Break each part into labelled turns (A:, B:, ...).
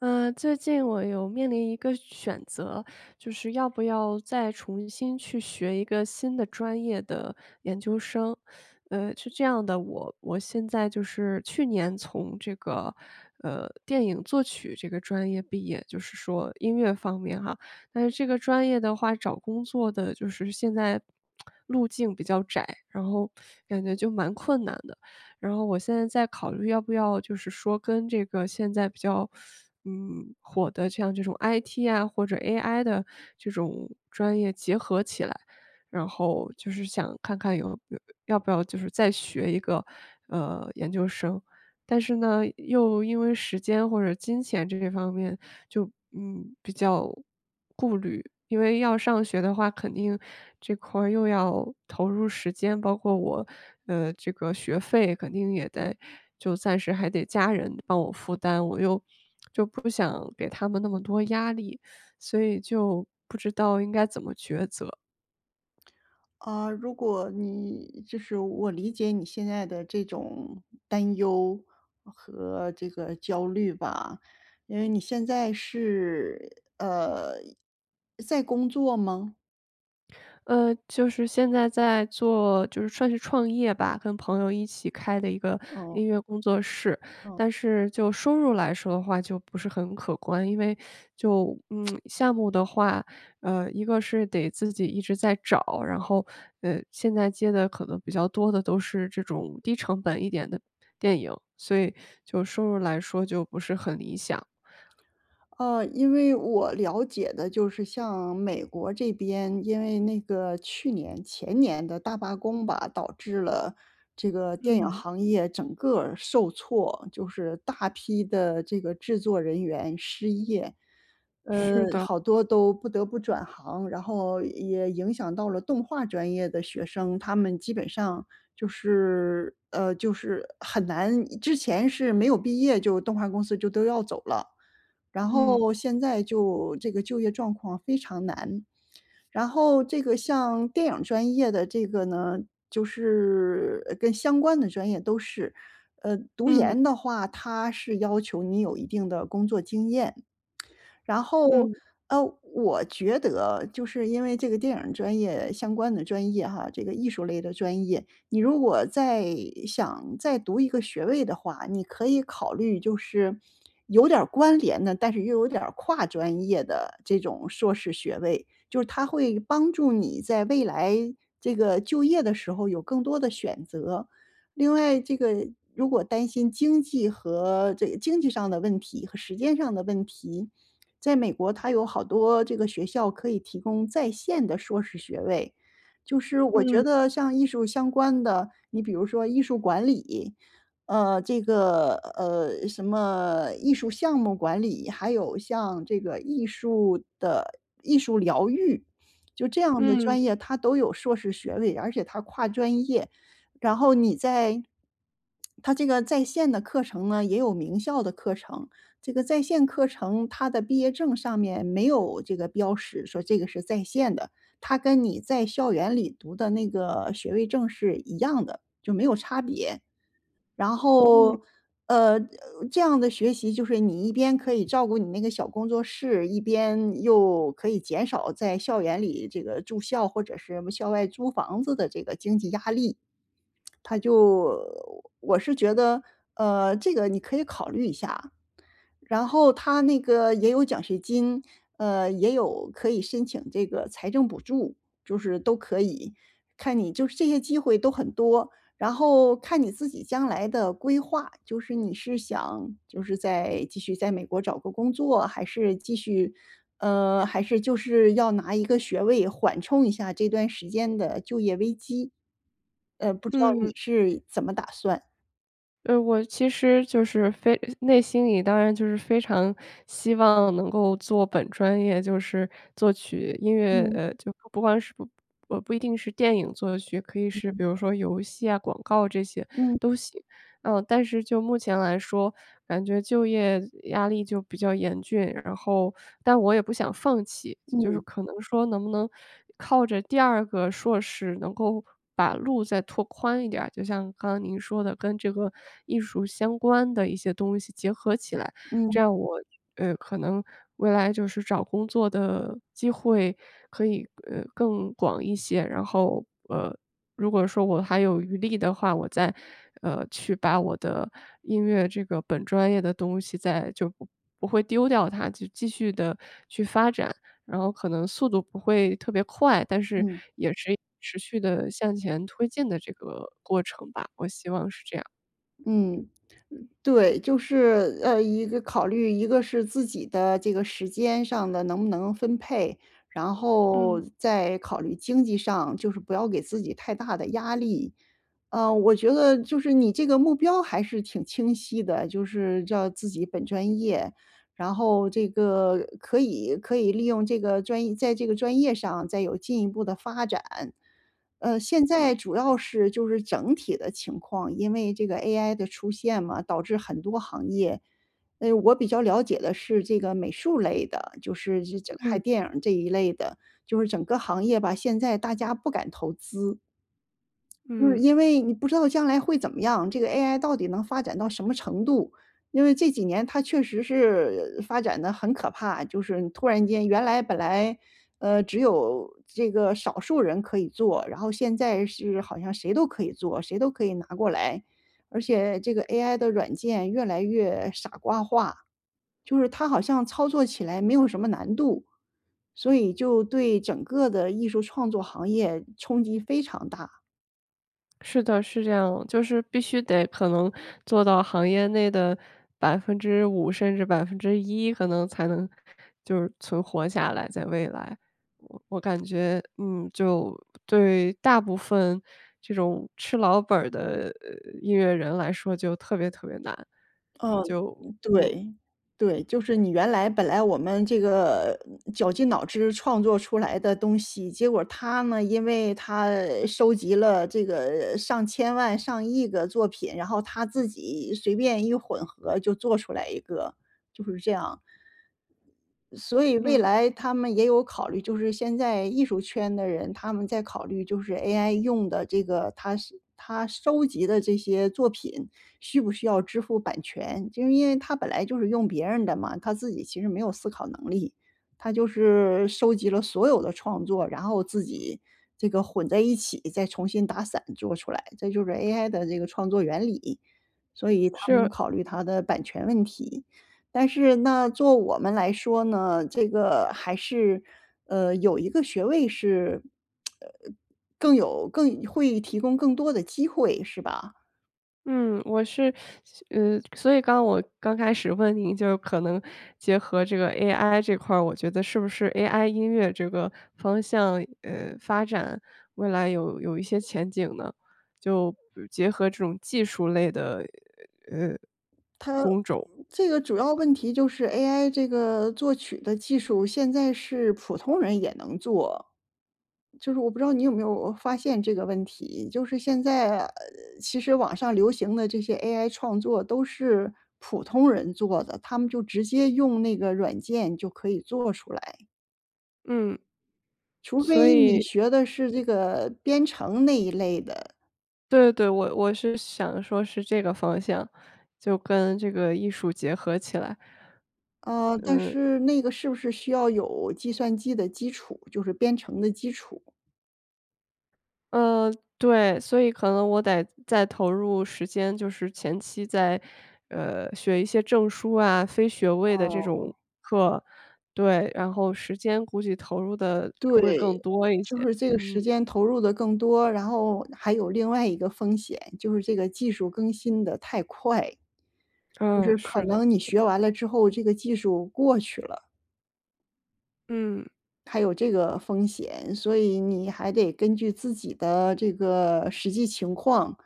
A: 呃，最近我有面临一个选择，就是要不要再重新去学一个新的专业的研究生。呃，是这样的，我我现在就是去年从这个，呃，电影作曲这个专业毕业，就是说音乐方面哈。但是这个专业的话，找工作的就是现在，路径比较窄，然后感觉就蛮困难的。然后我现在在考虑要不要就是说，跟这个现在比较，嗯，火的，像这种 IT 啊，或者 AI 的这种专业结合起来，然后就是想看看有要不要就是再学一个，呃，研究生。但是呢，又因为时间或者金钱这些方面就，嗯，比较顾虑，因为要上学的话，肯定这块儿又要投入时间，包括我的这个学费肯定也得就暂时还得家人帮我负担。我又，就就不想给他们那么多压力，所以就不知道应该怎么抉择。
B: 呃，如果你就是我理解你现在的这种担忧，和这个焦虑吧，因为你现在是，呃，在工作吗？
A: 呃，就是现在在做就是算是创业吧，跟朋友一起开的一个
B: 哦。
A: 音乐工作室。
B: 嗯。
A: 但是就收入来说的话，就不是很可观。因为就，嗯，项目的话，呃，一个是得自己一直在找，然后，呃，现在接的可能比较多的都是这种低成本一点的，电影。所以就收入来说就不是很理想。
B: 呃，因为我了解的就是像美国这边，因为那个去年前年的大罢工吧，导致了这个电影
A: 嗯。
B: 行业整个儿受挫。就是大批的这个制作人员失业。呃。
A: 是的。
B: 好多都不得不转行，然后也影响到了动画专业的学生。他们基本上，就是呃，就是很难之前是没有毕业就动画公司就都要走了。然
A: 嗯。
B: 后现在就这个就业状况非常难。然后这个像电影专业的这个呢就是跟相关的专业都是，呃，读
A: 嗯。
B: 研的话，它是要求你有一定的工作经验。然后，
A: 嗯。
B: 呃，我觉得就是因为这个电影专业相关的专业哈，这个艺术类的专业，你如果再想再读一个学位的话，你可以考虑，就是有点儿关联的，但是又有点儿跨专业的这种硕士学位。就是它会帮助你在未来，这个就业的时候有更多的选择。另外这个，如果担心经济和这个经济上的问题和时间上的问题，在美国它有好多这个学校可以提供在线的硕士学位。就是我觉
A: 嗯。
B: 得像艺术相关的，你比如说艺术管理，呃，这个呃，什么艺术项目管理，还有像这个艺术的艺术疗愈。就这样的
A: 嗯。
B: 专业，它都有硕士学位，而且它跨专业。然后你在它这个在线的课程呢，也有名校的课程。这个在线课程，它的毕业证上面没有这个标识，说这个是在线的。它跟你在校园里读的那个学位证是一样的，就没有差别。然
A: 嗯。
B: 后，呃，这样的学习就是你一边可以照顾你那个小工作室，一边又可以减少在校园里这个住校或者是校外租房子的这个经济压力。它就我是觉得，呃，这个你可以考虑一下。然后它那个也有奖学金，呃，也有可以申请这个财政补助，就是都可以。看你就是这些机会都很多，然后看你自己将来的规划，就是你是想就是再继续在美国找个工作还是继续呃，还是就是要拿一个学位缓冲一下这段时间的就业危机。呃，不知道你
A: 嗯。
B: 是怎么打算？
A: 呃，我其实就是非内心里当然就是非常希望能够做本专业，就是作曲，音乐。
B: 嗯。
A: 呃，就不管是，呃不一定是电影作曲，可以是比
B: 嗯。
A: 如说游戏啊，广告这些
B: 嗯。
A: 都行。呃，但是就目前来说，感觉就业压力就比较严峻。然后但我也不想放弃。就是
B: 嗯。
A: 可能说能不能靠着第2个硕士能够把路再拓宽一点儿，就像刚刚您说的跟这个艺术相关的一些东西结合起来，
B: 嗯。
A: 这样我，呃，可能未来就是找工作的机会可以，呃，更广一些。然后，呃，如果说我还有余力的话，我再，呃，去把我的音乐这个本专业的东西再就不不会丢掉它，就继续地去发展。然后可能速度不会特别快，但是
B: 嗯。
A: 也是持续地向前推进的这个过程吧，我希望是这样。
B: 嗯，呃，对。就是，呃，一个考虑，一个是自己的这个时间上的能不能分配，然后
A: 嗯。
B: 再考虑经济上，就是不要给自己太大的压力。呃，我觉得就是你这个目标还是挺清晰的，就是叫自己本专业，然后这个可以可以利用这个专业在这个专业上再有进一步地发展。呃，现
A: 嗯。
B: 在主要是就是整体的情况，因为这个 AI 的出现嘛，导致很多行业，呃，我比较了解的是这个美术类的，就是，呃这这拍
A: 嗯。
B: 电影儿这一类的，就是整个行业吧，现在大家不敢投资。就是
A: 嗯。
B: 因为你不知道将来会怎么样，这个 AI 到底能发展到什么程度。因为这几年它确实是发展得很可怕，就是突然间原来本来，呃，只有这个少数人可以做，然后现在是好像谁都可以做，谁都可以拿过来。而且这个 AI 的软件越来越傻瓜化，就是它好像操作起来没有什么难度，所以就对整个的艺术创作行业冲击非常大。
A: 是的，是这样。就是必须得可能做到行业内的5%甚至1%，可能才能就是存活下来，在未来。我我感觉，嗯，就对大部分这种吃老本儿的音乐人来说就特别特别难，
B: 嗯，
A: 就
B: 嗯，
A: 嗯。
B: 对，对。就是你原来本来我们这个绞尽脑汁创作出来的东西，结果它呢，因为它收集了这个上千万上亿个作品，然后它自己随便一混合就做出来一个，就是这样。所以未
A: 嗯。
B: 来他们也有考虑，就是现在艺术圈的人，他们在考虑就是 AI 用的这个它它收集的这些作品需不需要支付版权。就因为它本来就是用别人的嘛，它自己其实没有思考能力，它就是收集了所有的创作，然后自己这个混在一起，再重新打散做出来。这就是 AI 的这个创作原理，所以他们
A: 是。
B: 考虑它的版权问题。但是呢，作我们来说呢，这个还是，呃，有一个学位是，呃，更有更会提供更多的机会是吧？
A: 嗯，我是所呃，所以刚我刚开始问你就可能结合这个 AI 这块儿，我觉得是不是 AI 音乐这个方向，呃，发展，未来有有一些前景呢？就结合这种技术类的，
B: 它这个主要
A: 呃，工种。
B: 问题就是 AI 这个作曲的技术，现在是普通人也能做。就是我不知道你有没有发现这个问题，就是现在，呃，其实网上流行的这些 AI 创作都是普通人做的，他们就直接用那个软件就可以做出来。
A: 嗯。
B: 除
A: 所
B: 非你
A: 以
B: 学的是这个编程那一类的。
A: 对对，我我是想说是这个方向，就跟这个艺术结合起来。
B: 呃，但
A: 呃
B: 是那个是不是需要有计算机的基础，就是编程的基础？
A: 嗯，对，所以可能我得再投入时间，就是前期再，呃，学一些证书啊、非学位的
B: 哦
A: 这种
B: 哦。
A: 课。对，然后时间估计投入得
B: 对，
A: 会更多一
B: 就
A: 些，
B: 是这个时
A: 嗯。
B: 间投入得更多，然后，还有另外一个风险，就是这个技术更新得太快。就
A: 嗯，
B: 是可
A: 是的。
B: 能你学完了之后，这个技术过去了。
A: 嗯。
B: 还有这个风险，所以你还得根据自己的这个实际情况，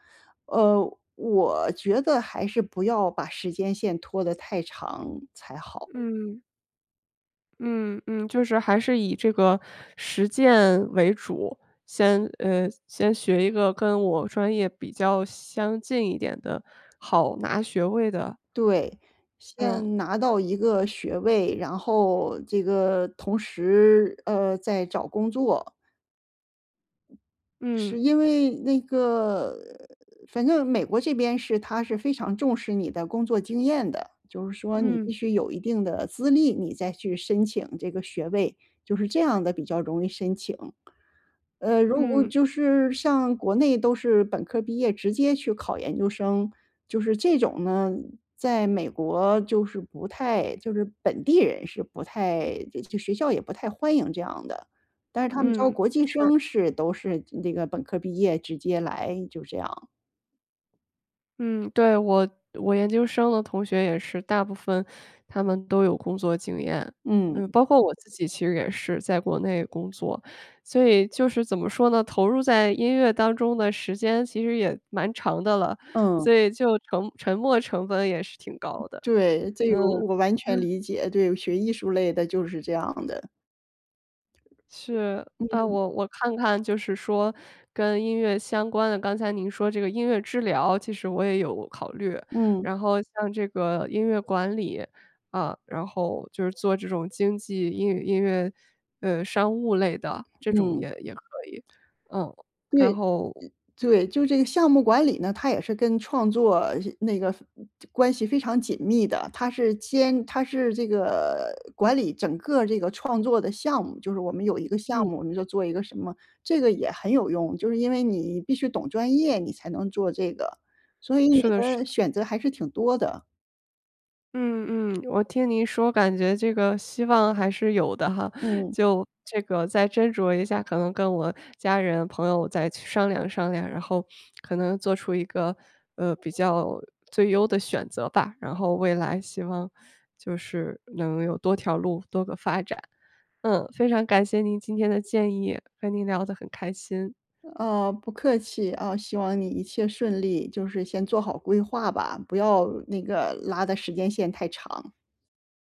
B: 呃，我觉得还是不要把时间线拖得太长才好。
A: 嗯。嗯嗯，就是还是以这个实践为主，先，嗯先学一个跟我专业比较相近一点的、好拿学位的。
B: 对，
A: 嗯。
B: 先拿到一个学位，然后这个同时，呃，再找工作。是
A: 嗯。
B: 因为那个反正美国这边是，它是非常重视你的工作经验的，就是说你必
A: 嗯。
B: 须有一定的资历，你再去申请这个学位，就是这样的比较容易申请。呃，如果
A: 嗯。
B: 就是像国内，都是本科毕业直接去考研究生，就是这种呢，在美国就是不太就是本地人是不太就学校也不太欢迎这样的。但是他们招
A: 嗯，
B: 国际
A: 是。
B: 生是，都是那个本科毕业直接来，就这样。
A: 嗯，对，我我研究生的同学也是，大部分他们都有工作经验，
B: 嗯。
A: 嗯，包括我自己其实也是在国内工作。所以就是怎么说呢，投入在音乐当中的时间其实也蛮长的了，
B: 嗯。
A: 所以就沉沉没成本也是挺高的。
B: 对，这
A: 嗯，
B: 个我完全
A: 呃。
B: 理解，对学艺术类的就是这样的。
A: 是，啊，
B: 嗯。
A: 我我看看就是说跟音乐相关的，刚才您说这个音乐治疗，其实我也有考虑。
B: 嗯。
A: 然后像这个音乐管理，呃，然后就是做这种经济英语音乐，呃，商务类的，这种
B: 嗯。
A: 也也可以，嗯，然
B: 对，
A: 后
B: 对，就这个项目管理呢，它也是跟创作那个关系非常紧密的。它是兼它是这个管理整个这个创作的项目，就是我们有一个项
A: 嗯。
B: 目，我们就做一个什么，这个也很有用，就是因为你必须懂专业，你才能做这个，所以你
A: 是的是
B: 的
A: 的。
B: 选择还是挺多的。
A: 嗯嗯，我听您说感觉这个希望还是有的哈！
B: 嗯。
A: 就这个再斟酌一下，可能跟我家人朋友再去商量商量，然后可能做出一个，呃，比较最优的选择吧，然后未来希望就是能有多条路，多个发展。嗯，非常感谢您今天的建议，跟您聊得很开心。
B: 呃，不客气啊，希望你一切顺利，就是先做好规划吧，不要那个拉的时间线太长。